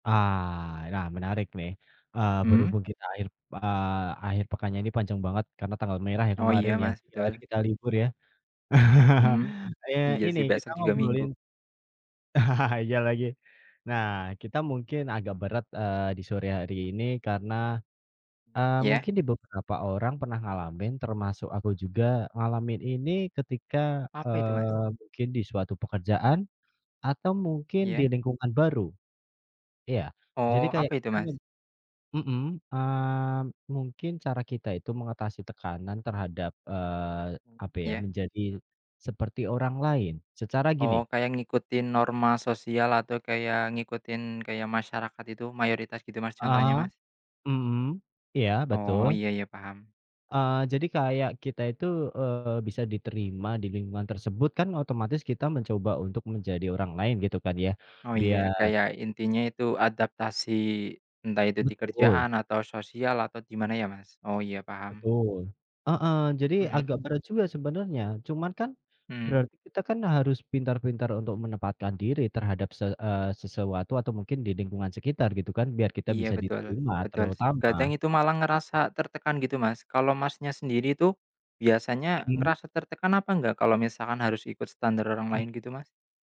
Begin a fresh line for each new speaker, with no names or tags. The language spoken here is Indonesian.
Ah, ya, menarik nih. Eee,
Mhm.
berhubung kita akhir, pe eee, akhir pekannya ini panjang banget karena tanggal merah ya,
Oh,
kemarin,
iya,
ya.
Mas,
3 hari
betul.
kita libur, ya.
Mhm.
Eee,
Iya
ini
sih,
kita
besok juga Minggu.
ngobrolin iya lagi. Nah, kita mungkin agak berat, eee, di sore hari ini karena,
Mmm
eee,
ya.
mungkin di beberapa orang pernah ngalamin termasuk aku juga ngalamin ini ketika,
Apa itu, Mas?
eee, mungkin di suatu pekerjaan, atau
Mmm,
mungkin di
iya.
lingkungan baru. Iya. Jadi
Oh,
kayak
apa itu,
kita me
Mas?
mhm, eee, mungkin cara kita itu mengatasi tekanan terhadap, eee,
Mhm,
apa ya,
iya.
menjadi seperti orang lain. Secara
Oh,
gini
kayak ngikutin norma sosial atau kayak ngikutin kayak masyarakat itu, mayoritas gitu, Mas, contohnya,
Heeh.
Mas?
Mhm. Iya,
Oh,
betul.
iya iya, paham.
Eee, jadi kayak kita itu, eee, bisa diterima di lingkungan tersebut kan otomatis kita mencoba untuk menjadi orang lain, gitu kan, ya,
Oh, iya,
biar
kayak intinya itu adaptasi entah itu di
Betul.
kerjaan atau sosial atau di mana ya, Mas? Oh, iya, paham.
Betul. Heeh. Jadi
Mhm.
agak berat juga sebenarnya, cuman kan,
Mhm.
berarti kita kan harus pintar-pintar untuk menempatkan diri terhadap se eee, sesuatu atau mungkin di lingkungan sekitar, gitu kan, biar kita
Iya,
bisa
betul,
diterima
betul sih.
terutama.
Kadang itu malah
Heeh.
ngerasa tertekan, gitu, Mas. Kalau Masnya sendiri itu, biasanya
Mhm.
ngerasa tertekan apa enggak, kalau misalkan harus ikut standar orang lain, gitu,
Hmm.
Mas?